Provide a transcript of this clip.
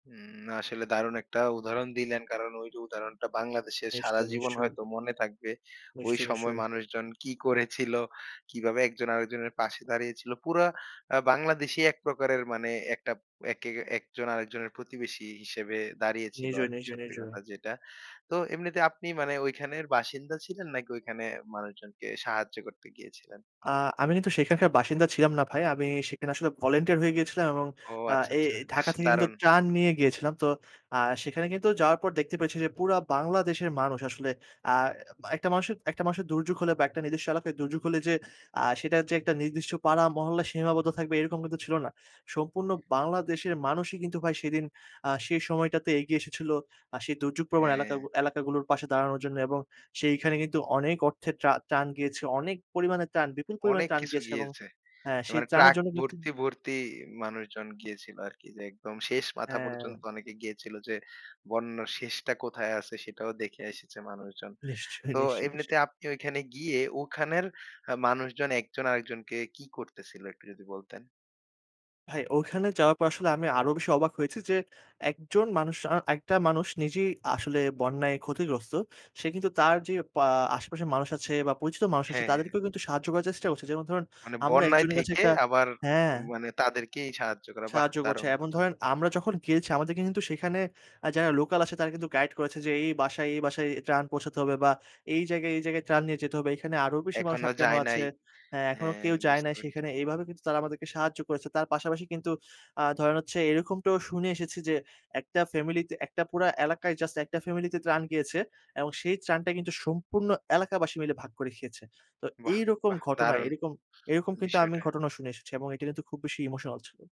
হু, আসলে দারুণ একটা উদাহরণ দিলেন। কারণ ওই যে উদাহরণটা, বাংলাদেশের সারা নিশ্চয়ই, জীবন নিশ্চয়ই। হয়তো মনে থাকবে, ওই নিশ্চয়ই, সময় নিশ্চয়ই। মানুষজন কি করেছিল, কিভাবে একজন আরেকজনের পাশে দাঁড়িয়েছিল? পুরা আ বাংলাদেশী এক প্রকারের মানে, একটা একে একজন আরেকজনের প্রতিবেশী হিসেবে দাঁড়িয়েছিল নিজ, আরকি, নিজ, সত্যি নিজ। কথা যেটা। তো এমনিতে আপনি মানে ঐখানের বাসিন্দা ছিলেন, নাকি ওইখানে মানুষজনকে সাহায্য করতে গিয়েছিলেন? আ আমি কিন্তু সেখানকার বাসিন্দা ছিলাম না ভাই। আমি সেখানে আসলে ভলান্টিয়ার হয়ে গিয়েছিলাম এবং ও! আ আচ্ছা, এ আচ্ছা। ঢাকা বেশ থেকে কিন্তু দারুণ! ত্রাণ নিয়ে গিয়েছিলাম। তো আ সেখানে কিন্তু যাওয়ার পর দেখতে পেয়েছি যে, পুরা বাংলাদেশের মানুষ আসলে আ এ একটা মানুষ, একটা মানুষের দুর্যোগ হলে বা একটা নিজস্ব এলাকায় দুর্যোগ হলে যে, আ সেটা যে একটা নির্দিষ্ট পাড়া, মহল্লা সীমাবদ্ধ থাকবে, এরকম কিন্তু ছিল না। সম্পূর্ণ বাংলাদেশের মানুষই কিন্তু ভাই সেদিন, আ সেই সময়টাতে এগিয়ে এসেছিল, আ সেই দুর্যোগ প্রবণ হ্যাঁ। এলাকাগু এলাকাগুলোর পাশে দাঁড়ানোর জন্য, এবং সেখানে কিন্তু অনেক অর্থের ত্রা ত্রাণ গিয়েছেম অনেক পরিমাণে ত্রাণ, বিপুল পরিমাণে অনেক ত্রাণ কিছু গিয়েছে এবং গিয়েছে। হ্যাঁ, সেই মানে ত্রাণের ট্রাক জন্য কিন্তু ভর্তি, ভর্তি মানুষজন গিয়েছিল আরকি। যে, একদম শেষ মাথা পর্যন্ত হ্যাঁ। অনেকে গিয়েছিল যে, বন্যার শেষটা কোথায় আছে? সেটাও দেখে এসেছে মানুষজন। নিশ্চয়ি, তো নিশ্চয়ই, নিশ্চয়ই। এমনিতে আপনি ওখানে গিয়ে, ওখানের আ মানুষজন একজন আরেকজনকে কি করতেছিল, একটু যদি বলতেন? ভাই, ওখানে যাওয়ার পর আসলে আমি আরো বেশি অবাক হয়েছি যে, একজন মানুষ আ একটা মানুষ নিজেই আসলে বন্যায় ক্ষতিগ্রস্ত। সে কিন্তু তার যে, পা আশেপাশের মানুষ আছে বা পরিচিত মানুষ আছে, হ্যাঁ, হ্যাঁ। তাদেরকেও কিন্তু সাহায্য করার চেষ্টা করছে। যেমন ধরুন, মানে আমরা বন্যায় একজনের কাছে থেকে একটা আবার হ্যাঁ। মানে, তাদেরকেই সাহায্য করা। বাহ! সাহায্য করছে। দারুণ এমন কথা। ধরেন আমরা যখন গেয়েছি, আমাদেরকে কিন্তু সেখানে আ যারা লোকাল আছে, তারা কিন্তু গাইড করেছে, যে "এই বাসায়, এই বাসায় ত্রাণ পৌঁছাতে হবে, বা এই জায়গায়, এই জায়গায় ত্রাণ নিয়ে যেতে হবে। এখানে আরো বেশি মানুষ এখনো আটকানো যায় আছে নাই। হ্যাঁ, এখনো হ্যাঁ, কেউ যায় বুঝতে নাই পেরেছি। সেখানে।" এইভাবে কিন্তু তারা আমাদেরকে সাহায্য করেছে। তার পাশাপাশি কিন্তু আ ধরেন হচ্ছে, এরকমটাও শুনে এসেছি যে, ১ টা ফ্যামিলি তে, একটা পুরা এলাকায় জাস্ট ১ টা ফ্যামিলি তে ত্রাণ গিয়েছে এবং সেই ত্রাণটা কিন্তু, সম্পূর্ণ এলাকাবাসী মিলে ভাগ করে খেয়েছে। তো বাহ! এইরকম বাহ! ঘটনায় দারুণ এরকম, এরকম কিন্তু আমি বিষয়টা। ঘটনা শুনে এসেছি এবং এটি কিন্তু খুব বেশি ইমোশনাল ছিল।